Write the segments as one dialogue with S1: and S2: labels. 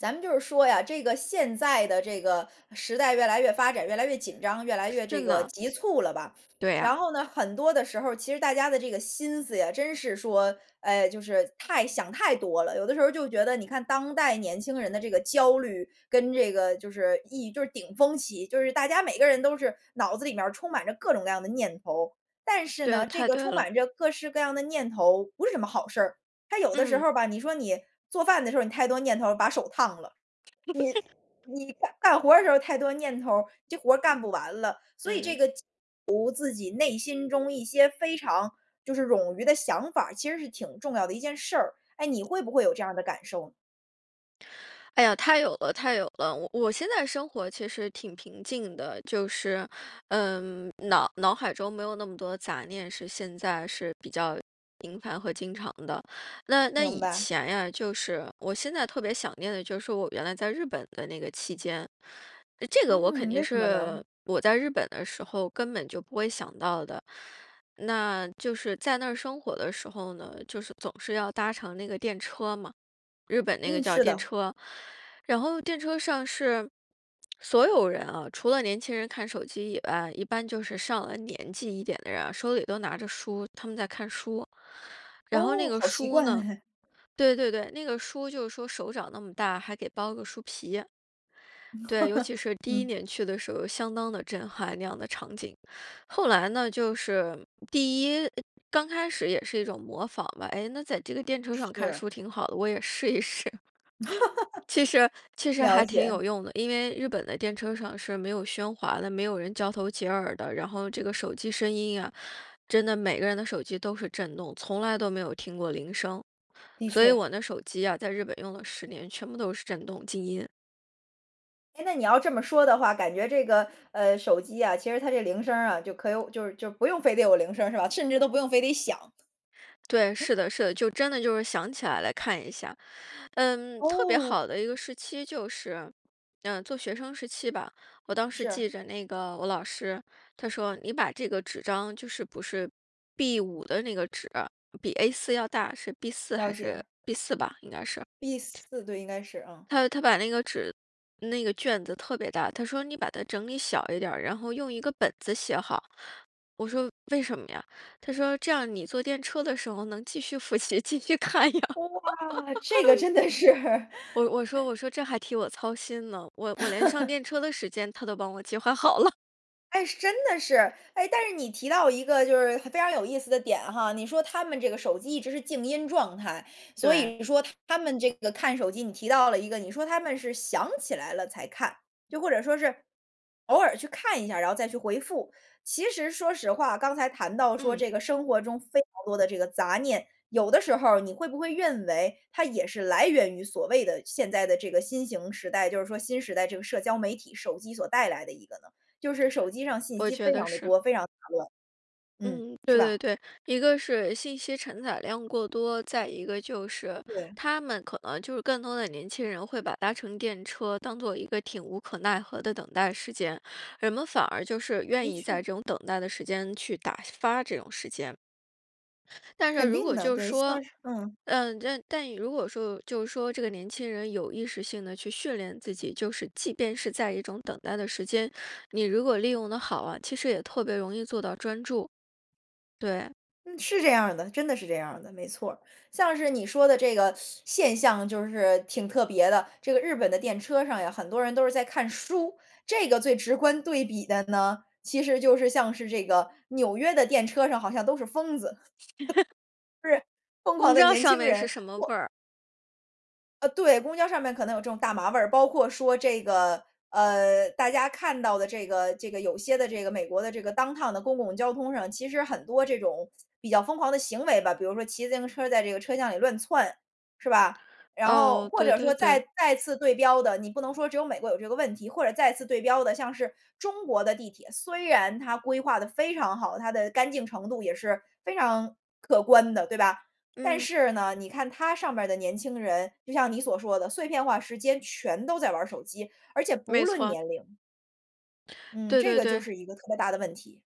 S1: 咱们就是说呀，这个现在的这个时代越来越发展，越来越紧张，越来越
S2: 是
S1: 这个
S2: 呢。
S1: 急促了吧。
S2: 对
S1: 然
S2: 呀。
S1: 后呢，很多的时候，其实大家的这个心思呀，真是说，哎，就是太想太多了。有的时候就觉得你看当代年轻人的这个焦虑跟这个就是一就是顶风起，就是大家每个人都是脑子里面儿充满着各种各样的念头。但是
S2: 对，
S1: 呢，这
S2: 太
S1: 个
S2: 对
S1: 充
S2: 了。
S1: 满着各式各样的念头，不是什么好事儿。它有的时
S2: 嗯。
S1: 候吧，你说你做饭的时候你太多念头儿把手烫了，你你干活儿的时候太多念头儿，这活儿干不完了。所以这
S2: 嗯。
S1: 个 [unintelligible] 读自己内心中一些非常就是冗余的想法，其实是挺重要的一件事儿。哎，你会不会有这样的感受？
S2: 哎呀，太有了太有了。我我现在生活其实挺平静的，就是，嗯，脑脑海中没有那么多杂念是现在是比较频繁和经常的。那那
S1: 明
S2: 以
S1: 白。
S2: 前呀，就是我现在特别想念的就是我原来在日本的那个期间，这个我肯
S1: 嗯，
S2: 定
S1: 为什么呢？
S2: 是我在日本的时候根本就不会想到的。那就是在那儿生活的时候呢，就是总是要搭乘那个电车嘛，日本那个
S1: 嗯，
S2: 叫
S1: 是
S2: 电
S1: 的。
S2: 车。然后电车上是所有人啊，除了年轻人看手机以外，一般就是上了年纪一点的人，手里都拿着书，他们在看书。然后那
S1: 哦，
S2: 个
S1: 好习
S2: 书
S1: 惯
S2: 呢
S1: 哎。
S2: 对对对，那个书就是说手掌那么大，还给包个书皮。对，尤其是第1
S1: 嗯。
S2: 年去的时候相当的震撼，那样的场景。后来呢，就是第1，刚开始也是一种模仿吧，哎，那在这个电车上看
S1: 是。
S2: 书挺好的，我也试一试。其实 其实
S1: 了
S2: 还挺
S1: 解。
S2: 有用的，因为日本的电车上是没有喧哗的，没有人交头接耳的，然后这个手机声音呀，真的每个人的手机都是震动，从来都没有听过铃声。
S1: 的
S2: 所以
S1: 确。
S2: 我那手机呀，在日本用了10年，全部都是震动静音。
S1: 哎，那你要这么说的话，感觉这个，呃，手机啊，其实它这铃声儿啊，就可有就是就不用非得有铃声是吧？甚至都不用非得响。
S2: 对，是的是的，就真的就是想起来来看一下。嗯，特别
S1: 哦。
S2: 好的一个时期就是，嗯，做学生时期吧。我当时记
S1: 是。
S2: 着那个我老师，他说你把这个纸张就是不是 B5 的那个纸，比 A4 要大，是 B4
S1: 了
S2: 还
S1: 解。
S2: 是 B4 吧，应该是。
S1: B4，对，应该是，嗯。
S2: 他他把那个纸那个卷子特别大，他说：“你把它整理小一点儿，然后用一个本子写好。”我说：“为什么呀？”他说：“这样你坐电车的时候能继续复习，继续看呀。”
S1: 哇，这个 真的是。
S2: 我我说 我说这还替我操心呢，我我连上 电车的时间他都帮我计划好了。
S1: 哎，真的是，哎，但是你提到一个就是非常有意思的点哈，你说他们这个手机一直是静音状态。所以
S2: 对。
S1: 你说他们这个看手机你提到了一个，你说他们是想起来了才看，就或者说是偶尔去看一下，然后再去回复。其实说实话，刚才谈到说
S2: 嗯。
S1: 这个生活中非常多的这个杂念，有的时候你会不会认为，它也是来源于所谓的现在的这个新型时代，就是说新时代这个社交媒体、手机所带来的一个呢？就是手机上信
S2: 我
S1: 息非
S2: 觉得
S1: 常地
S2: 是。
S1: 多、非常杂乱。嗯，
S2: 嗯，对
S1: 是
S2: 对
S1: 吧？
S2: 对，一个是信息承载量过多，再一个就是，
S1: 对。
S2: 他们可能就是更多的年轻人会把搭乘电车当作一个挺无可奈何的等待时间，人们反而就是愿
S1: 的
S2: 意在
S1: 确。
S2: 这种等待的时间去打发这种时间。但是
S1: 肯
S2: 如
S1: 定
S2: 果
S1: 的，
S2: 就是
S1: 对，像
S2: 说，
S1: 是嗯。
S2: 嗯，但但如果说就是说这个年轻人有意识性地去训练自己，就是即便是在一种等待的时间，你如果利用得好啊，其实也特别容易做到专注。对。
S1: 嗯，是这样儿的，真的是这样儿的，没错儿。像是你说的这个 现象就是挺特别的，这个日本的电车上呀，很多人都是在看书，这个最直观对比的呢，其实就是像是这个纽约的电车上好像都是疯子。是。疯狂
S2: 不
S1: 的
S2: 知道
S1: 年
S2: 上
S1: 轻
S2: 面
S1: 人。
S2: 是什么
S1: 我
S2: 味儿。
S1: 呃，对，公交上面可能有这种大麻味儿，包括说这个呃，大家看到的这个这个有些的这个美国的这个 downtown 的公共交通上，其实很多这种比较疯狂的行为吧，比如说骑自行车在这个车厢里乱窜，是吧？然后
S2: 哦，
S1: 或
S2: 对
S1: 者
S2: 对
S1: 说
S2: 对。
S1: 再再次对标的，你不能说只有美国有这个问题，或者再次对标的，像是中国的地铁，虽然它规划得非常好，它的干净程度也是非常可观的，对吧？但
S2: 嗯。
S1: 是呢，你看它上面的年轻人，就像你所说的，碎片化时间全都在玩儿手机，而且不
S2: 没
S1: 论
S2: 错。
S1: 年龄。嗯，
S2: 对
S1: 这
S2: 对
S1: 个就
S2: 对。
S1: 是一个特别大的问题。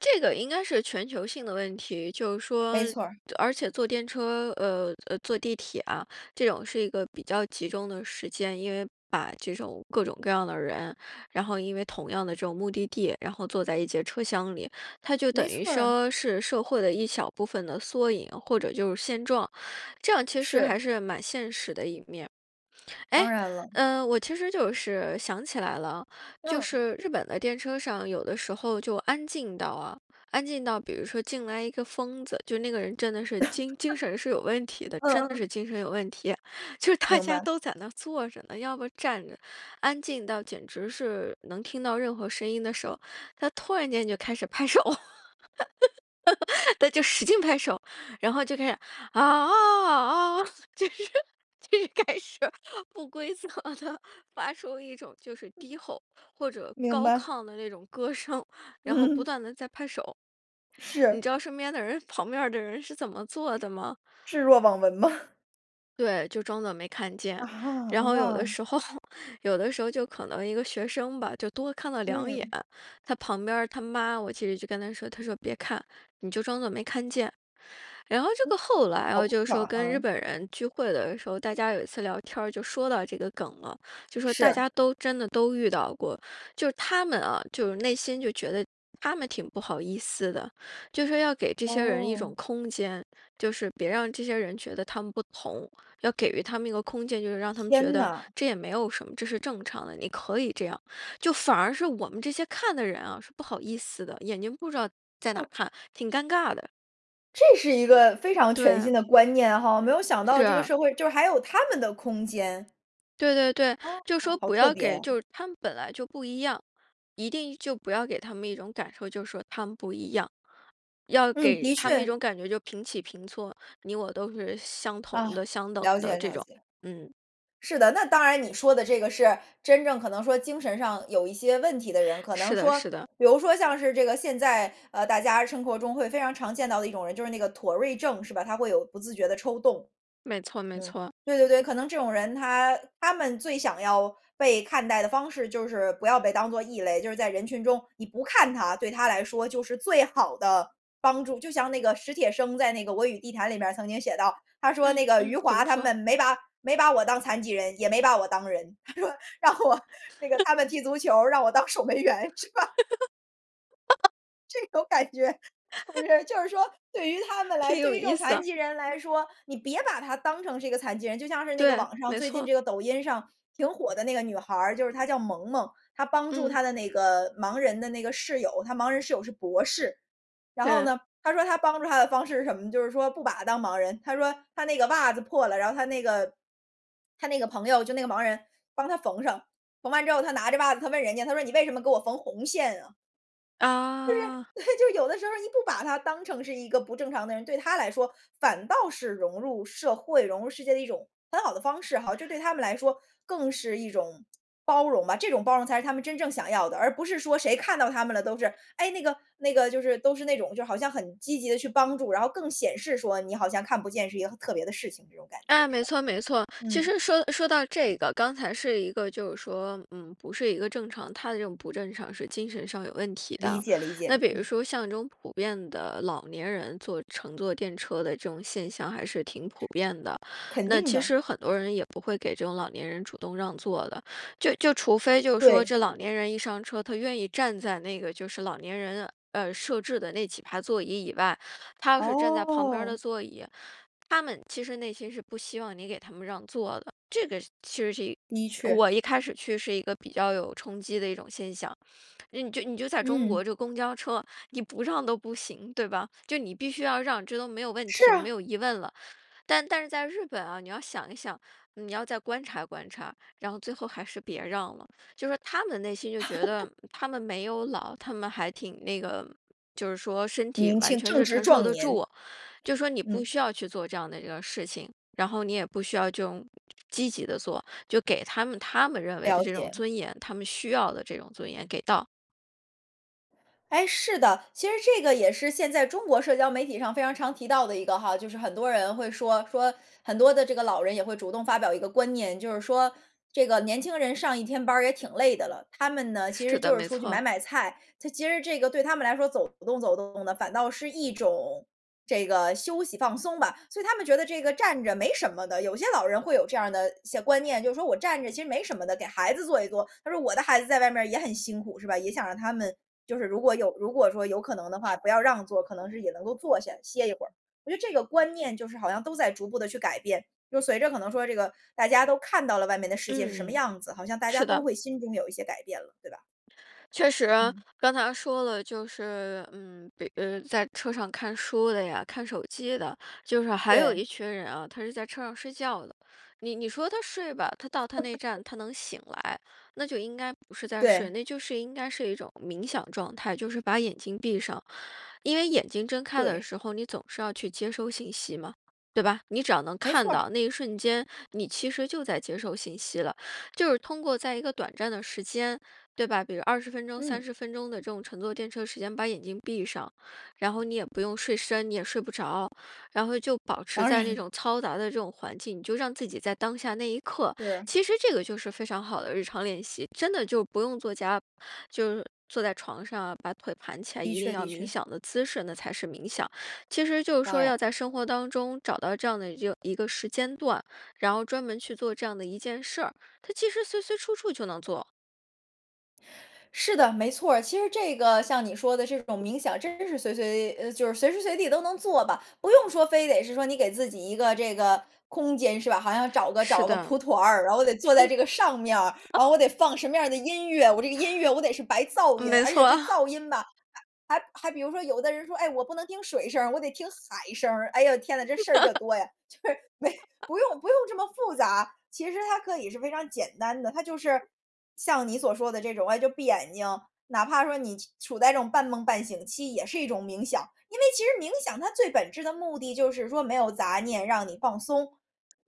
S2: 这个应该是全球性的问题，就是说
S1: 没错儿。
S2: 而且坐电车呃，呃，坐地铁啊，这种是一个比较集中的时间，因为把这种各种各样的人，然后因为同样的这种目的地，然后坐在一节车厢里，它就等
S1: 没
S2: 于
S1: 错儿啊。
S2: 说是社会的一小部分的缩影，或者就是现状，这样其实
S1: 是。
S2: 还是蛮现实的一面。哎，
S1: 当然了。
S2: 呃，我其实就是想起来了，就
S1: 嗯。
S2: 是日本的电车上有的时候就安静到啊安静到比如说进来一个疯子，就那个人真的是精精 神是有问题的，
S1: 嗯
S2: 真的
S1: 嗯。
S2: 是精神有问题，就是大
S1: 明
S2: 家
S1: 白。
S2: 都在那儿坐着呢，要不站着，安静到简直是能听到任何声音的时候，他突然间就开始拍手。他就使劲拍手，然后就开始：“啊，啊，啊，啊。”就是就是开始不规则地发出一种就是
S1: 嗯。
S2: 低吼，或者
S1: 明
S2: 高
S1: 白。
S2: 亢的那种歌声，然后不
S1: 嗯。
S2: 断地在拍手。你
S1: 是。
S2: 知道身边的人旁边儿的人是怎么做的吗？
S1: 置若罔闻吗？
S2: 对，就装作没看见。
S1: 啊，
S2: 然后有的
S1: 哇。
S2: 时候，有的时候就可能一个学生吧，就多看了2眼，
S1: 嗯。
S2: 他旁边儿他妈，我其实就跟她说她说：“别看，你就装作没看见。”然后这
S1: 嗯。
S2: 个后来
S1: 好
S2: 啊，就说
S1: 大
S2: 跟
S1: 胆
S2: 日
S1: 啊。
S2: 本人聚会的时候，大家有一次聊天儿就说到这个梗了，就说大
S1: 是。
S2: 家都真的都遇到过。就他们啊，就是内心就觉得他们挺不好意思的，就说要给这些人一种
S1: 哦。
S2: 空间，就是别让这些人觉得他们不同，要给予他们一个空间。就是让他们觉
S1: 天
S2: 得
S1: 呐。
S2: 这也没有什么，这是正常的，你可以这样，就反而是我们这些看的人啊，是不好意思的，眼睛不知道，在哪儿
S1: 嗯。
S2: 看，挺尴尬的。
S1: 这是一个非常全新
S2: 对。
S1: 的观念哈。没有想到
S2: 是
S1: 这个
S2: 啊。
S1: 社会就是还有他们的空间。
S2: 对对对，
S1: 哦，
S2: 就说
S1: 好
S2: 不
S1: 特
S2: 要
S1: 别。
S2: 给就他们本来就不一样，一定就不要给他们一种感受，就说他们不一样。要
S1: 嗯，
S2: 给
S1: 的
S2: 他们一
S1: 确。
S2: 种感觉就平起平坐，你我都是相同
S1: 啊，
S2: 的、相等
S1: 了解
S2: 的这
S1: 了
S2: 种。
S1: 解。
S2: 嗯。
S1: 是的，那当然你说的这个是，真正可能说精神上有一些问题的人，可
S2: 是
S1: 能
S2: 的
S1: 说
S2: 是的。
S1: 比如说像是这个现在，呃，大家生活中会非常常见到的一种人，就是那个妥瑞症是吧，他会有不自觉的抽动。
S2: 没错没
S1: 嗯，
S2: 错。
S1: 对对对，可能这种人他他们最想要被看待的方式就是不要被当作异类，就是在人群中，你不看他，对他来说就是最好的，帮助。就像那个史铁生在那个我与地坛里面曾经写到，他说
S2: 嗯，
S1: 那个余
S2: 嗯，怎么
S1: 华他
S2: 说？
S1: 们没把没把我当残疾人，也没把我当人。他说，让我那个 他们踢足球，让我当守门员，是吧。这种感觉，是不 是就是说，对于她们来
S2: 挺有
S1: 对于这种
S2: 意思
S1: 残
S2: 啊。
S1: 疾人来说，你别把她当成是一个残疾人。就像是那个
S2: 对，
S1: 网上，
S2: 没
S1: 最近
S2: 错。
S1: 这个抖音上挺火的那个女孩儿，就是她叫萌萌，她帮助
S2: 嗯。
S1: 她的那个盲人的那个室友，她盲人室友是博士。然后
S2: 对。
S1: 呢，她说她帮助她的方式是什么呢？就是说不把她当盲人，她说她那个袜子破了，然后她那个她那个朋友，就那个盲人，帮她缝上，缝完之后她拿着袜子，她问人家，她说：“你为什么给我缝红线啊？”就是
S2: 哦。
S1: 对，就是有的时候你不把她当成是一个不正常的人，对她来说，反倒是融入社会、融入世界的一种很好的方式哈。这对她们来说，更是一种包容吧。这种包容才是她们真正想要的，而不是说谁看到她们了都是“哎，那个那个”，就是都是那种就好像很积极地去帮助。然后更显示说，你好像看不见是一个特别的事情，这种感觉，
S2: 哎，
S1: 是
S2: 没
S1: 吧？
S2: 错没错。其
S1: 嗯。
S2: 实说说到这个，刚才是一个就是说嗯，不是一个正常他的这种不正常是精神上有问题
S1: 理
S2: 的。
S1: 解理
S2: 那
S1: 解，
S2: 比如
S1: 嗯。
S2: 说像这种普遍的老年人坐乘坐电车的这种现象还是挺普遍的。
S1: 肯
S2: 那
S1: 定
S2: 其
S1: 的。
S2: 实很多人也不会给这种老年人主动让座的，就就除非就是说
S1: 对。
S2: 这老年人一上车，他愿意站在那个，就是老年人，呃，设置的那几排座椅以外。他要是站在旁边儿的
S1: 哦
S2: 座椅，他们其实内心是不希望你给他们让座的。这个其实是
S1: 的
S2: 这
S1: 确。
S2: 我一开始去是一个比较有冲击的一种现象。那你就你就在中
S1: 嗯。
S2: 国，这公交车，你不让都不行，对吧？就你必须要让，这都没有问
S1: 是
S2: 题了，没
S1: 啊。
S2: 有疑问了。但但是在日本啊，你要想一想，你要再观察观察，然后最后还是别让了。就说他们内心就觉 得他们没有老，他们还挺那个就是说身体
S1: 年
S2: 完
S1: 轻，
S2: 全
S1: 正
S2: 是
S1: 值
S2: 承受
S1: 壮
S2: 得
S1: 年。
S2: 住，就说你不
S1: 嗯。
S2: 需要去做这样的那个事情。然后你也不需要就积极地做，就给他们他们认为的
S1: 了
S2: 这种
S1: 解。
S2: 尊严，他们需要的这种尊严，给到。
S1: 哎，是的。其实这个也是现在中国社交媒体上非常常提到的一个哈，就是很多人会说说很多的这个老人也会主动发表一个观念，就是说这个年轻人上一天班儿也挺累的了，他们呢，其实
S2: 是的，
S1: 就是
S2: 没
S1: 出去买
S2: 错。
S1: 买菜，他其实这个对他们来说走动走动的，反倒是一种这个休息放松吧。所以他们觉得这个站着没什么的，有些老人会有这样儿的一些观念，就是说我站着其实没什么的，给孩子坐一坐。他说我的孩子在外面儿也很辛苦是吧？也想让他们就是如果有如果说有可能的话，不要让座儿，可能是也能够坐下，歇一会儿。我觉得这个观念就是好像都在逐步地去改变，就随着可能说这个，大家都看到了外面的世界是什么
S2: 嗯，
S1: 样子，好像大家
S2: 是
S1: 都
S2: 的。
S1: 会心中有一些改变了，对吧？
S2: 确实，
S1: 嗯。
S2: 刚才说了，就是，嗯，比呃，在车上看书的呀，看手机的，就是还有一
S1: 对。
S2: 群人啊，他是在车上睡觉的。你你说他睡吧，他到他那站 他能醒来，那就应该不是在睡，
S1: 对。
S2: 那就是应该是一种冥想状态，就是把眼睛闭上。因为眼睛睁开的
S1: 对。
S2: 时候，你总是要去接收信息嘛，对吧？你只要能
S1: 没
S2: 看
S1: 错儿。
S2: 到，那一瞬间，你其实就在接受信息了。就是通过在一个短暂的时间，对吧？比如20分钟、三
S1: 嗯。
S2: 十分钟的这种乘坐电车时间把眼睛闭上，然后你也不用睡深，你也睡不着，然后就保持
S1: 当
S2: 在那
S1: 然
S2: 种
S1: 了。
S2: 嘈杂的这种环境，你就让自己在当下那一刻。
S1: 是。
S2: 其实这个就是非常好的日常练习，真的就不用坐家就是坐在床上啊，把腿盘起来，
S1: 的
S2: 一定
S1: 确
S2: 要
S1: 的
S2: 冥
S1: 确。
S2: 想的姿势那才是冥想。其实就是
S1: 当
S2: 说
S1: 然。
S2: 要在生活当中找到这样的一热一个时间段，然后专门去做这样的一件事儿，它其实随随处处就能做。
S1: 是的，没错儿。其实这个像你说的这种冥想，真的是随随呃，就是随时随地都能做吧，不用说非得是说你给自己一个这个空间是吧？好像找个
S2: 是
S1: 找个蒲
S2: 的。
S1: 团儿，然后得坐在这个上面儿，然后我得放什么样儿的音乐，我这个音乐我得是白噪
S2: 嗯，
S1: 音，
S2: 没
S1: 而且
S2: 错
S1: 这
S2: 啊。
S1: 噪音吧还还还比如说有的人说：“哎，我不能听水声儿，我得听海声儿。”哎呦，天哪，这事儿可 多呀，就是没不 用不用这么复杂，其实它可以是非常简单的。它就是像你所说的这种，哎，就闭眼睛，哪怕说你气处在这种半懵半醒期也是一种冥想。因为其实冥想它最本质的目的就是说没有杂念，让你放松，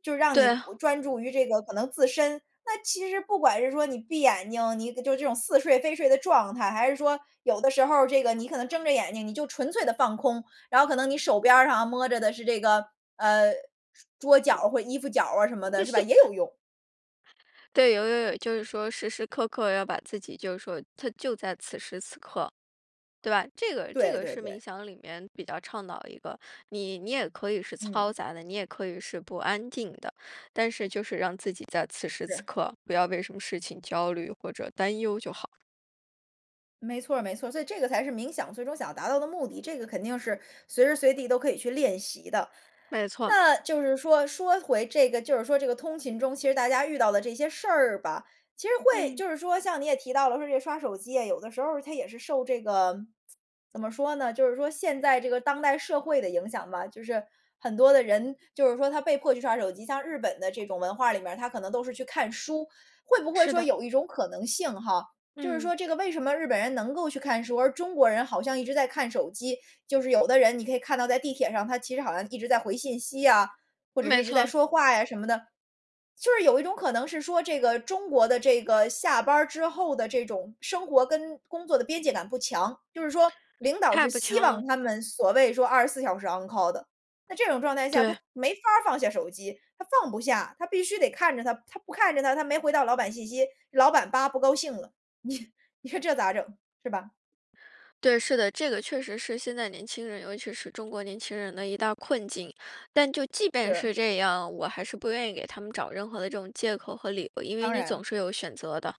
S1: 就让你
S2: 对。
S1: 呼专注于这个可能自身。那其实不管是说你闭眼睛，你搁就是这种似睡非睡的状态，还是说有的时候儿这个你可能睁着眼睛，你就纯粹地放空。然后可能你手边儿上摸着的是这个，呃，是桌角或衣服角儿啊什么的，是吧，也有用。
S2: 对，有有有，就是说时时刻刻要把自己就是说它就在此时此刻，对吧？这个这
S1: 对
S2: 个
S1: 对
S2: 是冥
S1: 对。
S2: 想里面比较倡导的一个，你你也可以是嘈
S1: 嗯。
S2: 杂的、你也可以是不安定的。但是就是让自己在此时此
S1: 是。
S2: 刻，不要为什么事情焦虑或者担忧就好。
S1: 没错儿没错儿。所以这个才是冥想最终想要达到的目的，这个肯定是随时随地都可以去练习的。
S2: 没错。
S1: 那就是说说回这个就是说这个通勤中，其实大家遇到的这些事儿吧，其实会
S2: 嗯。
S1: 就是说像你也提到了说这个刷手机啊，有的时候他也是受这个 怎么说呢就是说现在这个当代社会的影响吧。就是很多的人就是说他被迫去刷手机。像日本的这种文化里面儿，他可能都是去看书。会不会
S2: 是
S1: 说
S2: 的。
S1: 有一种可能性哈，就是
S2: 嗯。
S1: 说这个为什么日本人能够去看书，而中国人好像一直在看手机。就是有的人你可以看到在地铁上他其实好像一直在回信息啊，或者是
S2: 没
S1: 一直在
S2: 错。
S1: 说话呀什么的。就是有一种可能是说这个中国的这个下班儿之后的这种生活跟工作的边界感不强。就是说领导
S2: 太
S1: 是
S2: 不
S1: 希
S2: 强了。
S1: 望他们所谓说24小时 On call 的。那这种状态下，他
S2: 对。
S1: 没法儿放下手机，他放不下。他必须得看着它，他不看着它，他没回到老板信息，老板“叭，不高兴了”，你你说这咋整，是吧？
S2: 对，是的。这个确实是现在年轻人尤其是中国年轻人的一大困境。但就即便
S1: 是。
S2: 是这样，我还是不愿意给他们找任何的这种借口和理由。因为
S1: 当
S2: 你
S1: 然。
S2: 总是有选择的，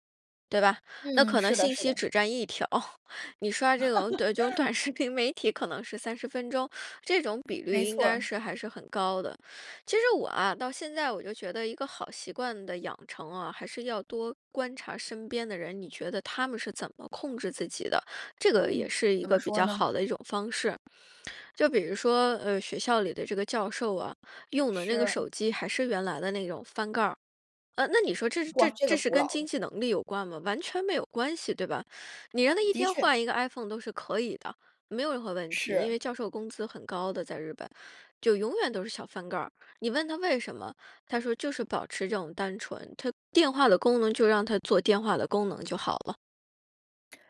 S2: 对吧？那
S1: 嗯，
S2: 可能
S1: 是的
S2: 信
S1: 是
S2: 息
S1: 的。
S2: 只占一条，你刷这种对，这种 短视频媒体可能是30分钟，这种比率
S1: 没
S2: 应
S1: 错
S2: 该
S1: 儿。
S2: 是还是很高的。其实我啊到现在我就觉得一个好习惯的养成啊，还是要多观察身边的人，你觉得他们是怎么控制自己的，这个也
S1: 嗯，
S2: 是一
S1: 怎么
S2: 个比
S1: 说
S2: 较
S1: 呢？
S2: 好的一种方式。就比如说，呃，学校里的这个教授啊，用的那个
S1: 是。
S2: 手机还是原来的那种翻盖儿，呃，那你说这是
S1: 哇，这个
S2: 这是
S1: 古老
S2: 跟经
S1: 了。
S2: 济能力有关吗？完全没有关系对吧。你让他一
S1: 的
S2: 天
S1: 确。
S2: 换一个 Iphone 都是可以的，没有任何问题，因为
S1: 是。
S2: 教授工资很高的，在日本。就永远都是小翻盖儿，你问他为什么，他说就是保持这种单纯，它电话的功能就让它做电话的功能就好了。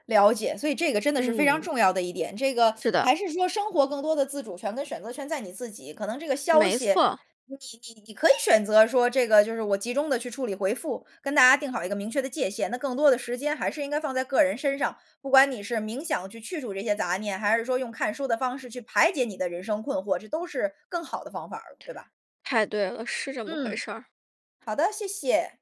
S1: 了解，所以这个真的是非常
S2: 嗯。
S1: 重要的一点。这个
S2: 是 的。
S1: 还是说生活更多的自主权跟选择权在你自己。可能这个消
S2: 没
S1: 息，
S2: 错儿。
S1: 你你你可以选择说这个就是我集中地去处理回复。跟大家定好一个明确的界限，那更多的时间还是应该放在个人身上。不管你是冥想去去除这些杂念，还是说用看书的方式去排解你的人生困惑，这都是更好的方法儿，对吧？
S2: 太对了，是这么回
S1: 嗯，
S2: 事儿。
S1: 好的，谢谢。